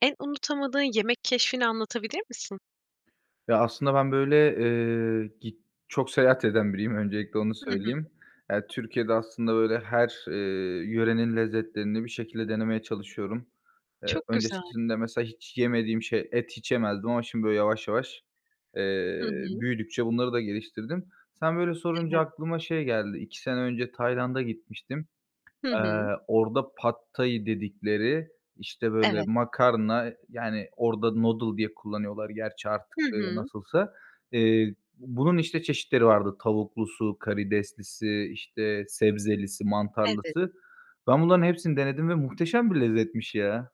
En unutamadığın yemek keşfini anlatabilir misin? Ya aslında ben böyle, eee, git çok seyahat eden biriyim, öncelikle onu Hı hı. söyleyeyim. Eee, Türkiye'de aslında böyle her, eee, yörenin lezzetlerini bir şekilde denemeye çalışıyorum. Eee, Çok güzel. öncesinde mesela hiç yemediğim şey, et hiç yemezdim, ama şimdi böyle yavaş yavaş, Hı eee, hı. büyüdükçe bunları da geliştirdim. Sen böyle sorunca Evet. aklıma şey geldi, 2 sene önce Tayland'a gitmiştim. Hı Eee, hı. orda Pad Thai dedikleri, işte, böyle Evet. makarna yani orda noodle diye kullanıyorlar gerçi artık, Hı ııı, hı. nasılsa. Eee, bunun işte çeşitleri vardı tavuklusu, karideslisi, işte sebzelisi, Evet. mantarlısı. Ben bunların hepsini denedim ve muhteşem bir lezzetmiş ya.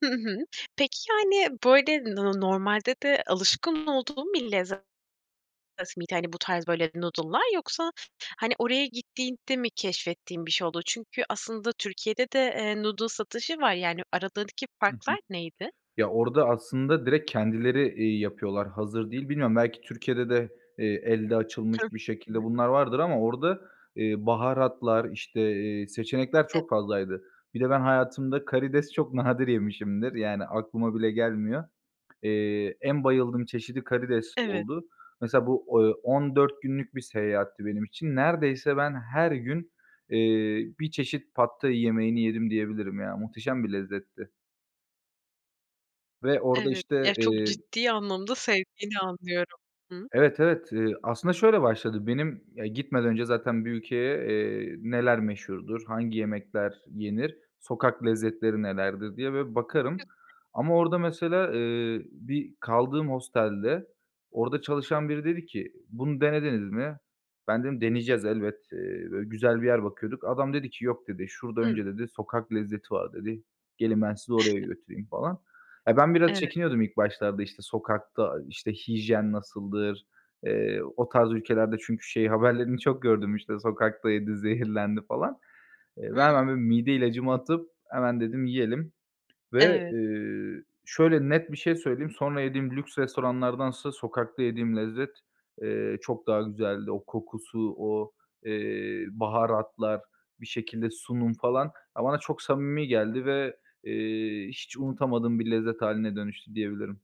Hı hı. Peki yani böyle no normalde de alışkın olduğun bir lezzet miydi? Hani bu tarz böyle noodle'lar yoksa hani oraya gittiğinde mi keşfettiğin bir şey oldu? Çünkü aslında Türkiye'de de, eee, noodle satışı var. Yani aradaki Hı hı. farklar neydi? Ya, orda aslında direkt kendileri, iii, yapıyorlar, hazır değil. Bilmiyorum belki Türkiye'de de, eee, elde açılmış Heh. bir Hı şekilde hı. bunlar vardır ama orda, ııı, baharatlar, işte, eee, seçenekler Ev çok fazlaydı. Bir de ben hayatımda karides çok nadir yemişimdir, yani aklıma bile gelmiyor. Eee, en bayıldığım çeşidi karides Evet. oldu. Mesela bu, eee, 14 günlük bir seyahatti benim için. Neredeyse ben her gün, eee, 1 çeşit Pad Thai yemeğini yedim diyebilirim ya, muhteşem bir lezzetti. Ve orada Evet. işte, Ya, çok eee ciddi anlamda sevdiğini anlıyorum. Hıı. Evet, Evet. Eee, aslında şöyle başladı. Benim; ya gitmeden önce zaten bir ülkeye, eee, neler meşhurdur, hangi yemekler yenir, sokak lezzetleri nelerdir diye bir bakarım. [unintelligible] Ama orada mesela, eee, bir kaldığım hostelde. Orada çalışan biri dedi ki “Bunu denediniz mi?“ ben dedim “Deneyeceğiz elbet, eee, böyle güzel bir yer bakıyorduk“. Adam dedi ki “Yok.“ dedi, “Şurada Hımm. önce" dedi, "sokak lezzeti var." dedi. "Gelin, ben sizi oraya götüreyim.“ falan. Ya, ben biraz Evet. çekiniyordum ilk başlarda, işte, sokakta, işte, hijyen nasıldır, eee, o tarz ülkelerde çünkü şey haberlerini çok gördüm işte sokakta yedi, zehirlendi falan. Eee, ben Hıı. hemen bir mide ilacımı atıp hemen dedim yiyelim ve, Evet. eee, şöyle net bir şey söyleyeyim, sonra yediğim lüks restoranlardansa sokakta yediğim lezzet, eee, çok daha güzeldi. O kokusu, o, eee, baharatlar, bir şekilde sunum falan. Ya, bana çok samimi geldi ve, eee, hiç unutamadığım bir lezzet hâline dönüştü diyebilirim.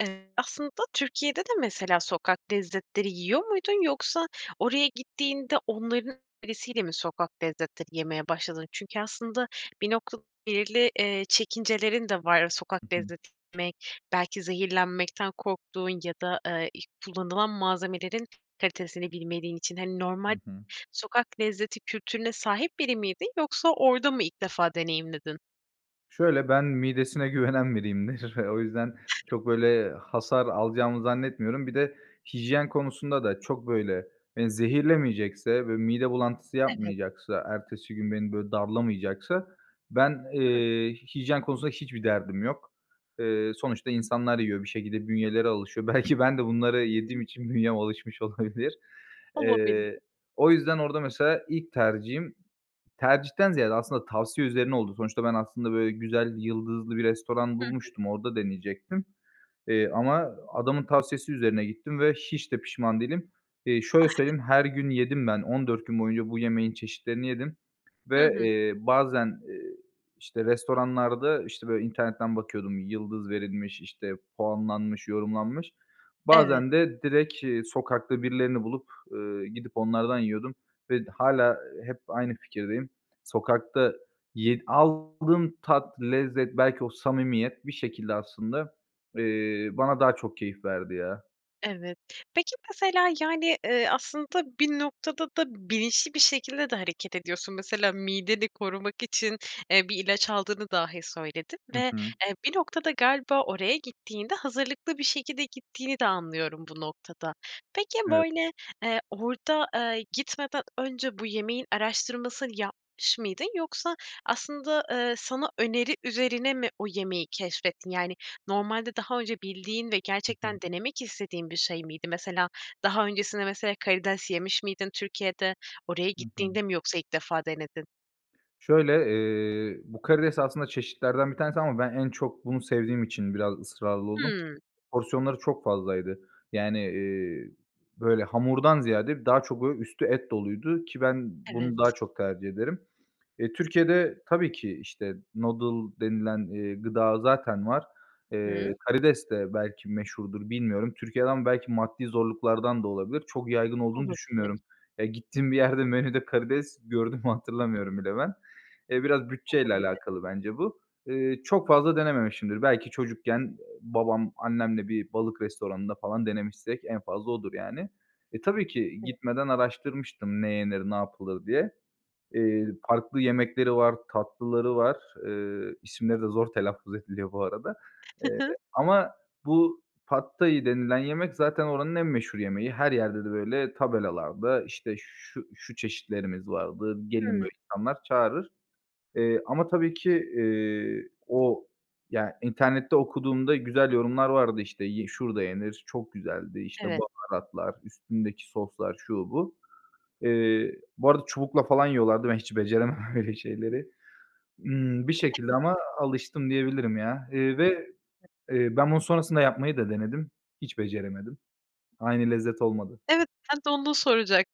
Eee, aslında Türkiye'de de mesela sokak lezzetleri yiyor muydun? Yoksa oraya gittiğinde onların önerisiyle mi sokak lezzetleri yemeye başladın? Çünkü aslında bir nokta belirli, eee, çekincelerin de var. Sokak Hı hı. lezzeti yemek belki zehirlenmekten korktuğun ya da, eee, iii, kullanılan malzemelerin kalitesini bilmediğin için. Hani Hı normal hı. sokak lezzeti kültürüne sahip biri miydin yoksa orda mı ilk defa deneyimledin? Şöyle, ben midesine güvenen biriyimdir o yüzden çok böyle hasar alacağımı zannetmiyorum. Bir de hijyen konusunda da çok böyle, eee, zehirlemeyecekse ve mide bulantısı Evet. yapmayacaksa, ertesi gün beni böyle darlamayacaksa, ben, Hıı. eee, hijyen konusunda hiçbir derdim yok. Eee, sonuçta insanlar yiyor bir şekilde bünyeleri alışıyor. Belki ben de bunları yediğim Tabii. için bünyem alışmış olabilir. Olabilir. Eee, o yüzden orda mesela ilk tercihim, tercihten ziyade aslında tavsiye üzerine oldu. Sonuçta ben aslında böyle güzel, yıldızlı bir restoran Hı hı. bulmuştum, orda deneyecektim. Eee, ama adamın tavsiyesi üzerine gittim ve hiç de pişman değilim. Eee, şöyle söyleyeyim, her gün yedim ben, 14 gün boyunca bu yemeğin çeşitlerini yedim Hı ve, hı. eee, bazen, iii, işte restoranlarda, işte, böyle internetten bakıyordum, yıldız verilmiş, işte puanlanmış, yorumlanmış. Evet. Bazen de direkt, iii, sokakta birilerini bulup, eee, gidip onlardan yiyordum ve d hâlâ hep aynı fikirdeyim. Sokakta yedi aldığım tat, lezzet belki o samimiyet bir şekilde aslında, eee, bana daha çok keyif verdi ya. Evet, peki, mesela, yani, eee, aslında bir noktada da bilinçli bir şekilde de hareket ediyorsun. Mesela mideni korumak için, eee, bir ilaç aldığını dahi söyledin. Hı Ve, hı. eee, bir noktada galiba oraya gittiğinde hazırlıklı bir şekilde gittiğini de anlıyorum bu noktada. Peki, Evet. böyle, eee, orada, eee, gitmeden önce bu yemeğin araştırmasını yapmış mıydın yoksa aslında, eee, sana öneri üzerine mi o yemeği keşfettin? Yani, normalde daha önce bildiğin ve Hı hı. gerçekten denemek istediğin bir şey miydi? Mesela daha öncesinde mesela karides yemiş miydin Türkiye'de? Oraya Hı hı. gittiğinde mi yoksa ilk defa denedin? Şöyle, eee, bu karides aslında çeşitlerden bir tanesi ama ben en çok bunu sevdiğim için biraz ısrarlı oldum. Hımm. Porsiyonları çok fazlaydı, yani, eee böyle hamurdan ziyade daha çok böyle üstü et doluydu ki ben bunu daha Evet. çok tercih ederim. Eee, Türkiye'de tabii ki işte, noodle denilen, eee, gıda zaten var. I hı. Eee, karides de belki meşhurdur, bilmiyorum. Türkiye'den belki maddi zorluklardan da olabilir, çok yaygın olduğunu Olabilir. düşünmüyorum. Ya, gittiğim bir yerde menüde karides gördüğümü [unintelligible] hatırlamıyorum bile ben. Eee, biraz bütçe ile Olabilir. alakalı bence bu. Eee, çok fazla denememişimdir, belki çocukken, ııı, babam annemle bir balık restoranında falan denemişsek en fazla odur yani. E, tabii ki Evet. gitmeden araştırmıştım ne yenir, ne yapılır diye. Eee, farklı yemekleri var, tatlıları var. Iıı, İsimleri de zor telaffuz ediliyor bu arada Hı hı. ama bu Pad Thai denilen yemek zaten oranın en meşhur yemeği. Her yerde de böyle tabelalarda işte şu şu çeşitlerimiz vardı, gelir Hımm. böyle insanlar çağırır. Eee ama tabii ki, eee, o, ya, internette okuduğumda güzel yorumlar vardı. İşte ye şurada yenir, çok güzeldi, işte, Evet. baharatlar, üstündeki soslar, şu, bu. Eee, bu arada çubukla falan yiyorlardı, ben hiç beceremem öyle şeyleri. Imm, bir şekilde [unintelligible] ama alıştım diyebilirim, ya. Eee, ve, eee, ben bunu sonrasında yapmayı da denedim, hiç beceremedim. Aynı lezzet olmadı. Evet, ben de onu soracak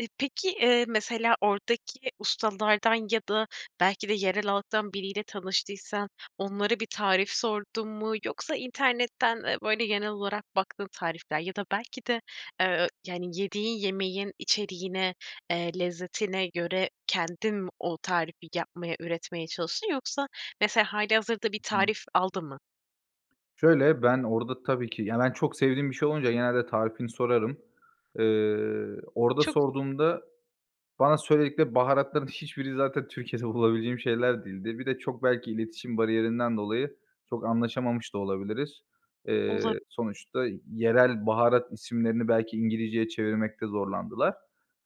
İii, peki, eee, mesela oradaki ustalardan ya da belki de yerel halktan biriyle tanıştıysan onlara bir tarif sordun mu? Yoksa internetten, eee, böyle, genel olarak baktığın tarifler ya da belki de, eee, yani, yediğin yemeğin içeriğine, eee, lezzetine göre kendin mi o tarifi yapmaya üretmeye çalıştın? Yoksa mesela hâlihazırda bir I hı. tarif aldın mı? Şöyle ben orada tabii ki, ya, ben çok sevdiğim bir şey olunca genelde tarifini sorarım. Iıı, orada Çok sorduğumda bana söyledikleri baharatların hiçbiri zaten Türkiye'de bulabileceğim şeyler değildi. Bir de çok belki iletişim bariyerinden dolayı çok anlaşamamış da olabiliriz. Olab Eee, sonuçta yerel baharat isimlerini belki İngilizce'ye çevirmekte zorlandılar.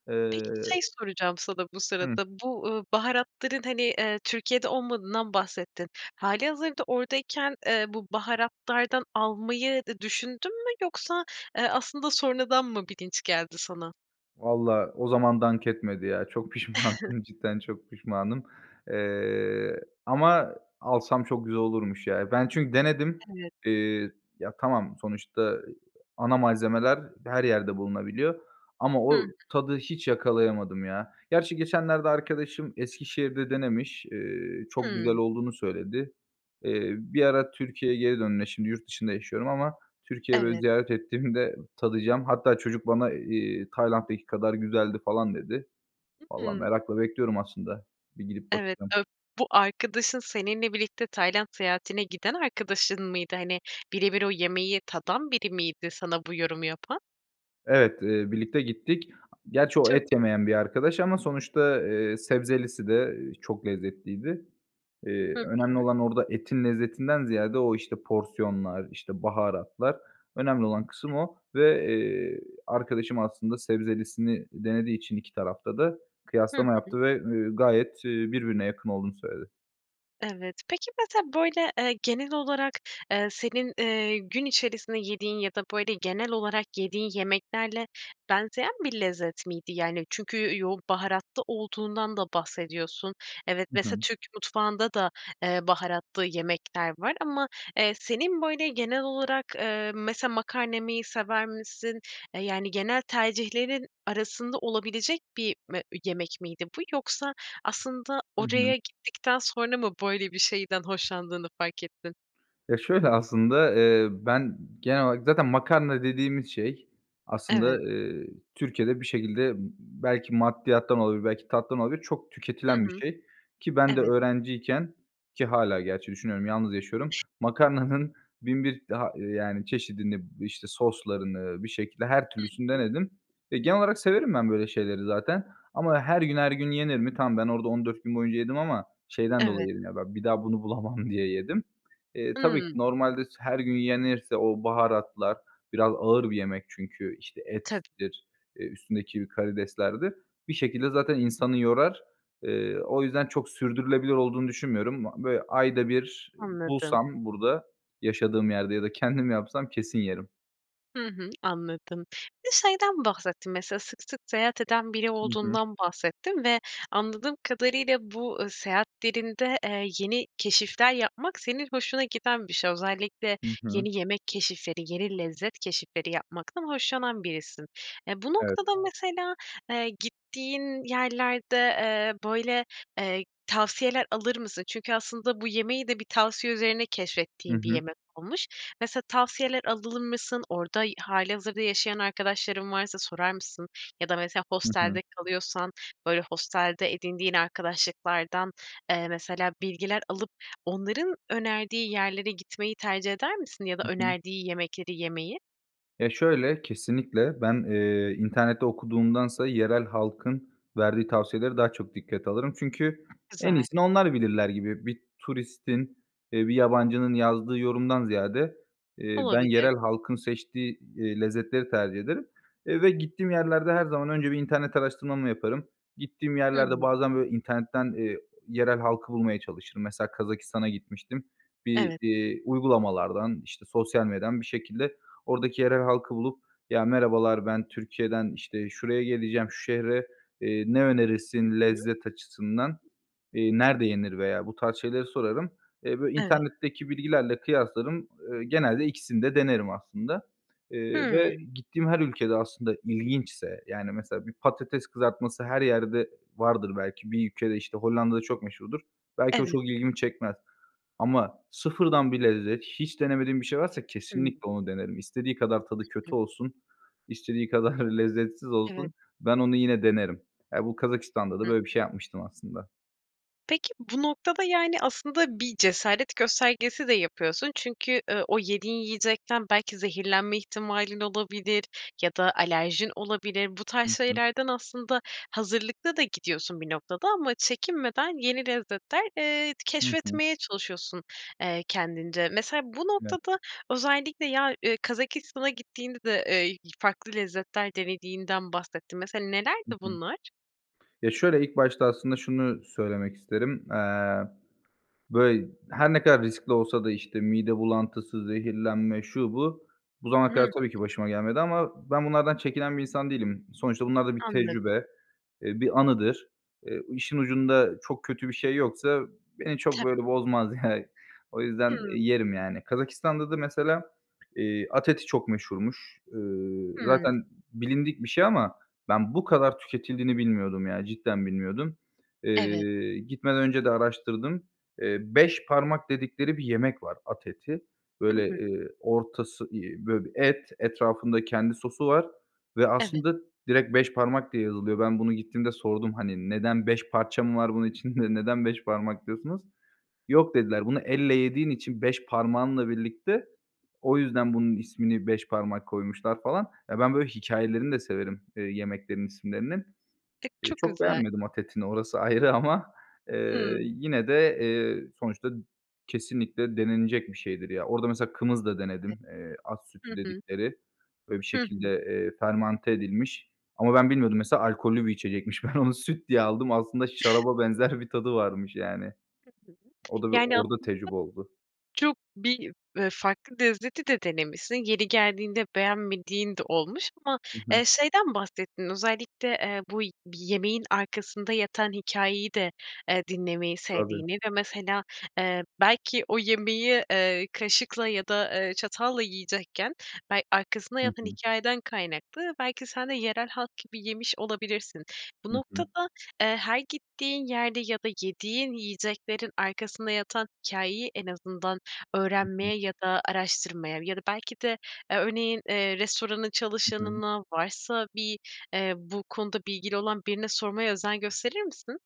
Eee Peki şey soracağım sana bu Hıı. sırada, bu, ııı, baharatların, hani, eee Türkiye'de olmadığından bahsettin. Hâlihazırda oradayken eee bu baharatlardan almayı da düşündün mü? Yoksa, eee, aslında sonradan mı bilinç geldi sana? Vallahi o zaman dank etmedi ya, çok pişmanım, cidden çok pişmanım, eee, ama alsam çok güzel olurmuş, ya. Ben çünkü denedim, Evet. eee, ya, tamam sonuçta ana malzemeler her yerde bulunabiliyor ama Hı hı. o tadı hiç yakalayamadım, ya. Gerçi geçenlerde arkadaşım Eskişehir'de denemiş, ııı, çok güzel Hımm. olduğunu söyledi. Eee, bir ara Türkiye'ye geri dönme şimdi yurt dışında yaşıyorum ama Türkiye'yi, böyle, Evet. ziyaret ettiğimde tadacağım. Hatta çocuk bana, eee, "Tayland'daki kadar güzeldi." falan dedi. Hı Valla hı. merakla bekliyorum aslında bir gidip Evet, bakacağım. ö bu arkadaşın seninle birlikte Tayland seyahatine giden arkadaşın mıydı? Hani, birebir o yemeği tadan biri miydi sana bu yorumu yapan? Evet, eee, birlikte gittik. Gerçi o Çok. et yemeyen bir arkadaş ama sonuçta, eee, sebzelisi de, eee, çok lezzetliydi. Hı Eee, hı. önemli olan orada etin lezzetinden ziyade o, işte, porsiyonlar, işte, baharatlar, önemli olan kısım o. Ve, eee, arkadaşım aslında sebzelisini denediği için 2 tarafta da Hı kıyaslama hı. yaptı ve, eee, gayet, eee, birbirine yakın olduğunu söyledi. Evet. Peki, mesela böyle, eee, genel olarak, eee, senin, eee, gün içerisinde yediğin ya da, böyle, genel olarak yediğin yemeklerle benzeyen bir lezzet miydi? Yani, çünkü yoğun baharatlı olduğundan da bahsediyorsun. Evet, Hı mesela hı. Türk mutfağında da, eee, baharatlı yemekler var ama, eee, senin böyle genel olarak, eee, mesela makarna yemeyi sever misin? Eee, yani, genel tercihlerin arasında olabilecek bir me yemek miydi bu? Yoksa aslında Hı hı. oraya gittikten sonra mı böyle bir şeyden hoşlandığını fark ettin? Ya, şöyle aslında, eee, ben genel olarak zaten makarna dediğimiz şey Evet. aslında, eee, Türkiye'de bir şekilde, ımm, belki maddiyattan olabilir, belki tattan olabilir, çok Hı tüketilen bir hı. şey ki ben de Evet. öğrenciyken, ki hâlâ gerçi düşünüyorum, yalnız yaşıyorum. Makarnanın 1001 ha yani, çeşidini, işte, soslarını bir şekilde her türlüsünü Hı hı. denedim ve genel olarak severim ben böyle şeyleri zaten. Ama her gün her gün yenir mi? Tamam ben orada 14 gün boyunca yedim ama şeyden dolayı Evet. yedim, ya, ben bir daha bunu bulamam diye yedim. Eee, tabii ki Hıı. normalde s her gün yenirse o baharatlar biraz ağır bir yemek çünkü, işte, Tabii. ettir, eee, üstündeki karideslerdir. Bir şekilde zaten insanı yorar. Eee, o yüzden çok sürdürülebilir olduğunu düşünmüyorum. B böyle ayda bir, ııı, Anladım. bulsam burada, yaşadığım yerde ya da kendim yapsam kesin yerim. Hı hı, anladım. Bir de şeyden bahsettin mesela sık sık seyahat eden biri Hı hı. olduğundan bahsettin. Ve anladığım kadarıyla bu, ııı, seyahatlerinde, eee, yeni keşifler yapmak senin hoşuna giden bir şey. Özellikle Hı hı. yeni yemek keşifleri, yeni lezzet keşifleri yapmaktan hoşlanan birisin. E, bu noktada Evet. mesela, eee, gittiğin yerlerde, eee, böyle, eee, tavsiyeler alır mısın? Çünkü aslında bu yemeği de bir tavsiye üzerine Hı keşfettiğin bir hı. yemek olmuş. Mesela tavsiyeler alır mısın? Orada hâlihazırda yaşayan arkadaşların varsa sorar mısın? Ya da mesela Hı hı. hostelde kalıyorsan, böyle, hostelde edindiğin arkadaşlıklardan, eee, mesela bilgiler alıp onların önerdiği yerlere gitmeyi tercih eder misin? Ya da Hı hı. önerdiği yemekleri yemeyi? Ya şöyle: Kesinlikle ben, eee, internette okuduğumdansa yerel halkın verdiği tavsiyelere daha çok dikkate alırım. Çünkü en Güzel. iyisini onlar bilirler gibi bir turistin, eee, bir yabancının yazdığı yorumdan ziyade, eee, ben Olabilir. yerel halkın seçtiği, iii, lezzetleri tercih ederim, eee, ve gittiğim yerlerde her zaman önce bir internet araştırmamı yaparım. Gittiğim Hı yerlerde hı. bazen böyle internetten, eee, yerel halkı bulmaya çalışırım. Mesela Kazakistan'a gitmiştim, bir, Evet. iii, uygulamalardan, işte, sosyal medyadan bir şekilde ordaki yerel halkı bulup "Ya, merhabalar, ben Türkiye'den işte şuraya geleceğim şu şehre, eee, ne Hı önerirsin hı. lezzet açısından? Eee, nerede yenir?" veya bu tarz şeyleri sorarım. Eee, bö Evet. internetteki bilgilerle kıyaslarım, ııı, genelde ikisini de denerim aslında. Iıı, ve Hıı. gittiğim her ülkede aslında ilginçse, yani, mesela bir patates kızartması her yerde vardır belki. Bir ülkede, işte, Hollanda'da çok meşhurdur. Belki o Evet. çok ilgimi çekmez ama sıfırdan bir lezzet, hiç denemediğim bir şey varsa Hımm. kesinlikle onu denerim. İstediği kadar tadı Hı. kötü olsun, istediği kadar lezzetsiz Evet. olsun, ben onu yine denerim. Ya, bu Kazakistan'da da Hı hı. böyle bir şey yapmıştım aslında. Peki, bu noktada, yani, aslında bir cesaret göstergesi de yapıyorsun. Çünkü, ııı, o yediğin yiyecekten belki zehirlenme ihtimalin olabilir ya da alerjin olabilir. Bu tarz Hı hı. şeylerden aslında hazırlıklı da gidiyorsun bir noktada ama çekinmeden yeni lezzetler, eee, t Hı hı. keşfetmeye çalışıyorsun, eee, kendince. Mesela bu [unintelligible] noktada özellikle ya, ııı, Kazakistan'a gittiğinde de, eee, y farklı lezzetler denediğinden bahsettin. Mesela Hı nelerdi hı. bunlar? Ya, şöyle, ilk başta aslında şunu söylemek isterim. Eee, böyle, her ne kadar riskli olsa da, işte, mide bulantısı, zehirlenme, şu bu, bu zamana kadar Hıh. tabii ki, başıma gelmedi ama ben bunlardan çekinen bir insan değilim. Sonuçta bunlar da bir Anladım. tecrübe, eee, bir anıdır. Eee, işin ucunda çok kötü bir şey yoksa beni çok, Tab böyle, bozmaz, yani. O yüzden Hımm. yerim, yani. Kazakistan'da da mesela, eee, at eti çok meşhurmuş. Iıı, Hımm. zaten bilindik bir şey ama ben bu kadar tüketildiğini bilmiyordum, yani, cidden bilmiyordum. Evet. Eee, gitmeden önce de araştırdım. Eee, "beş parmak" dedikleri bir yemek var at eti, Hı böyle, hı. eee, ortası, iii, böyle, bir et, etrafında kendi sosu var ve Evet. aslında direkt beş parmak diye yazılıyor. Ben bunu gittiğimde sordum, hani, "Neden, 5 parça mı var bunun içinde, neden beş parmak diyorsunuz?" Yok, dediler, bunu elle yediğin için, 5 parmağınla birlikte o yüzden bunun ismini beş parmak koymuşlar falan. Ya, ben böyle hikâyelerini de severim, eee, yemeklerin isimlerinin. Eee, Çok çok güzel. beğenmedim at etini, orası ayrı ama, eee, Hımm. yine de, eee, sonuçta kesinlikle denenecek bir şeydir, ya. Orada mesela kımız da [unintelligible] denedim, eee, at Hı sütü hı. dedikleri. Böyle bir Hı şekilde, hı. eee, fermante edilmiş ama ben bilmiyordum mesela alkollü bir içecekmiş. Ben onu süt diye aldım, aslında şaraba benzer bir tadı varmış yani. Hı hı. O da, bir Yani, aslında orda tecrübe oldu. çok bir, eee, farklı lezzeti de denemişsin. Yeri geldiğinde beğenmediğin de olmuş ama, Hı hı. eee, şeyden bahsettin, özellikle, eee, bu bir yemeğin arkasında yatan hikâyeyi de, eee, dinlemeyi Tabii. sevdiğini ve mesela, eee, belki o yemeği, eee, kaşıkla ya da, eee, çatalla yiyecekken bel arkasında Hı yatan hı. hikâyeden kaynaklı belki sen de yerel halk gibi yemiş olabilirsin. Bu Hı hı. noktada, eee, her gittiğin yerde ya da yediğin yiyeceklerin arkasında yatan hikâyeyi en azından Hı hı. öğrenmeye ya da araştırmaya ya da belki de, eee, örneğin, eee, restoranın I hı. çalışanına varsa bir, eee, bu konuda bilgili olan birine sormaya özen gösterir misin?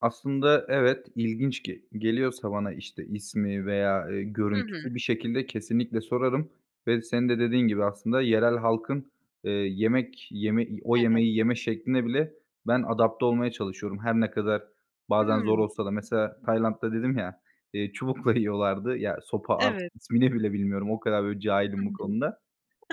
Aslında evet, ilginç ge geliyorsa bana, işte, ismi veya, ııı, Hı görüntüsü hı. bir şekilde kesinlikle sorarım ve senin de dediğin gibi aslında yerel halkın, ııı, yemek yeme, i o Evet. yemeği yeme şekline bile ben adapte olmaya çalışıyorum. Her ne kadar bazen zor Hımm. olsa da mesela Tayland'da dedim ya, eee, çubukla yiyorlardı, ya, sopa artık Evet. ismini bile bilmiyorum o kadar böyle bir Hı cahilim bu hı. konuda.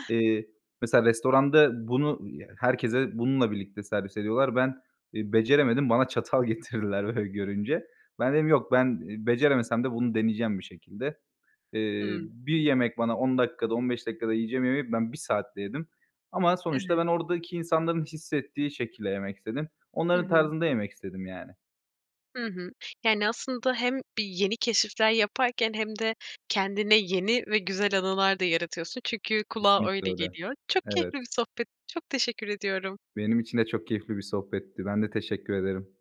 Eee, mesela restoranda bunu, ııı, herkese bununla birlikte servis ediyorlar. Ben, iii, beceremedim, bana çatal getirdiler böyle görünce. Ben dedim, "Yok, ben beceremesem de bunu deneyeceğim bir şekilde." Eee, Hımm. bir yemek bana 10 dakikada, 15 dakikada yiyeceğim yemeği ben 1 saatte yedim ama sonuçta Evet. ben oradaki insanların hissettiği şekilde yemek istedim. Hı Onların hı. tarzında yemek istedim yani. Hı hı, yani, aslında hem bir yeni keşifler yaparken hem de kendine yeni ve güzel anılar da yaratıyorsun. Çünkü kulağa Kesinlikle öyle öyle. geliyor. Çok Evet. keyifli bir sohbetti, çok teşekkür ediyorum. Benim için de çok keyifli bir sohbetti. Ben de teşekkür ederim.